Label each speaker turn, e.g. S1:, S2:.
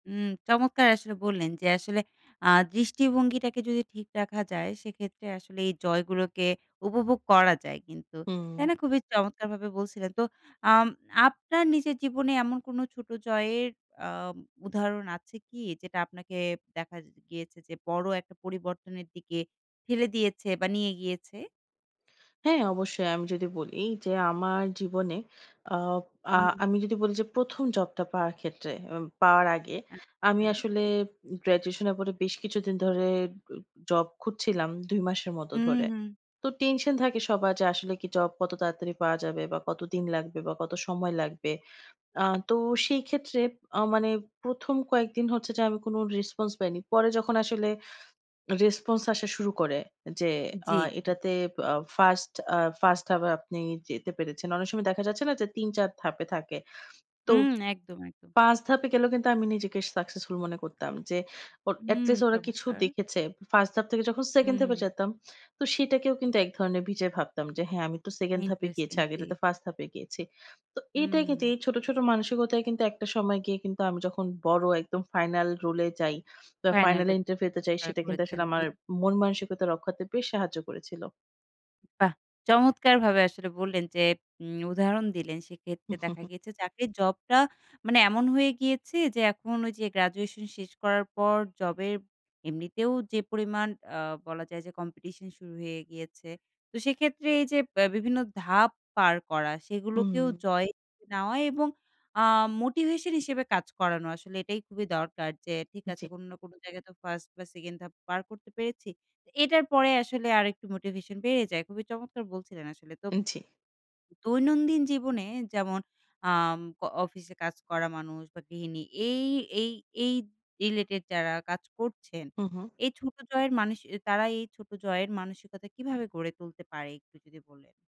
S1: উম চমৎকার আসলে বললেন যে আসলে আ দৃষ্টিভঙ্গিটাকে যদি ঠিক রাখা যায় সেক্ষেত্রে আসলে এই জয় গুলোকে উপভোগ করা যায় কিন্তু। তাই
S2: হুম।
S1: না? খুবই চমৎকারভাবে বলছিলেন। তো আম আপনার নিজের জীবনে এমন কোনো ছোটো জয়ের আ উদাহরণ আছে কি যেটা আপনাকে দেখা গিয়েছে যে বড়ো একটা পরিবর্তনের দিকে ফেলে দিয়েছে বা নিয়ে গিয়েছে?
S2: হ্যাঁ, অবশ্যই আমি যদি বলি যে আমার জীবনে অব আ
S1: হুম।
S2: আমি যদি বলি যে ১ম জবটা পাওয়ার ক্ষেত্রে উব পাওয়ার আগে আমি
S1: আচ্ছা।
S2: আসলে গ্র্যাজুয়েশন এর পরে বেশ কিছুদিন ধরে উ জব খুঁজছিলাম ২ মাসের মত
S1: হু,
S2: ধরে।
S1: হু।
S2: তো টেনশন থাকে সবার যে আসলে কি জব কত তাড়াতাড়ি পাওয়া যাবে বা কতদিন লাগবে বা কত সময় লাগবে? আ তো সেই ক্ষেত্রে আ মানে ১ম কয়েকদিন হচ্ছে যে আমি কোন রেসপন্স পাইনি। পরে যখন আসলে রেসপন্স আসা শুরু করে যে আ
S1: জি, জি।
S2: এটাতে আ ফার্স্ট আ ফার্স্ট হাবে আপনি যেতে পেরেছেন। অনেক সময় দেখা যাচ্ছে না যে ৩-৪ ধাপে থাকে। তো
S1: হুম একদম, একদম।
S2: ৫ ধাপে গেলেও কিন্তু আমি নিজেকে সাকসেসফুল মনে করতাম। যে ও
S1: হুম
S2: এটলিস্ট ওরা কিছু
S1: চমৎকার।
S2: দেখেছে। ফার্স্ট ধাপ থেকে যখন সেকেন্ড ধাপে
S1: হুম।
S2: এ যেতাম তো সেটাকেও কিন্তু এক ধরনের বিজয় ভাবতাম যে হ্যাঁ আমি তো সেকেন্ড ধাপে গিয়েছি।
S1: ইন্টারেস্টিং, জি।
S2: আগেরটা তো ফার্স্ট ধাপে গিয়েছি। তো এইটাই কিন্তু
S1: হুম।
S2: এই ছোট, ছোট, মানসিকতায় কিন্তু একটা সময় গিয়ে কিন্তু আমি যখন বড় একদম ফাইনাল রোল এ যাই বা ফাইনাল
S1: ফাইনালে
S2: ইন্টারভিউতে যাই
S1: জয়
S2: সেটা কিন্তু
S1: করেছেন।
S2: আসলে আমার
S1: জি।
S2: মন মানসিকতা রক্ষাতে বেশ সাহায্য করেছিল।
S1: বাহ! চমৎকারভাবে আসলে বললেন যে উম উদাহরণ দিলেন সেক্ষেত্রে দেখা গিয়েছে চাকরির জবটা মানে এমন হয়ে গিয়েছে যে এখন ওই যে গ্র্যাজুয়েশন শেষ করার পর জবের এমনিতেও যে পরিমাণ আ বলা যায় যে কম্পিটিশন শুরু হয়ে গিয়েছে। তো সেক্ষেত্রে এই যে বে বিভিন্ন ধাপ পার করা।
S2: উ,
S1: সেগুলোকেও
S2: হুম।
S1: জয় নেওয়া এবং আ মোটিভেশন হিসেবে কাজ করানো। আসলে এটাই খুবই দরকার। যে ঠিক আছে
S2: জি।
S1: কোন না কোন জায়গায় তো ফার্স্ট বা সেকেন্ড ধাপ পার করতে পেরেছি। এটার পরে আসলে আরেকটু মোটিভেশন বেড়ে যায়। খুবই চমৎকার বলছিলেন আসলে। তো
S2: জি।
S1: দৈনন্দিন জীবনে যেমন আম অ অফিসে কাজ করা মানুষ বা গৃহিনী এই, এই, এই, রিলেটেড যারা কাজ করছেন।
S2: হু, হু।
S1: এই ছোট জয়ের মানুষ তারা এই ছোট জয়ের মানসিকতা কিভাবে গড়ে তুলতে পারে একটু যদি বলে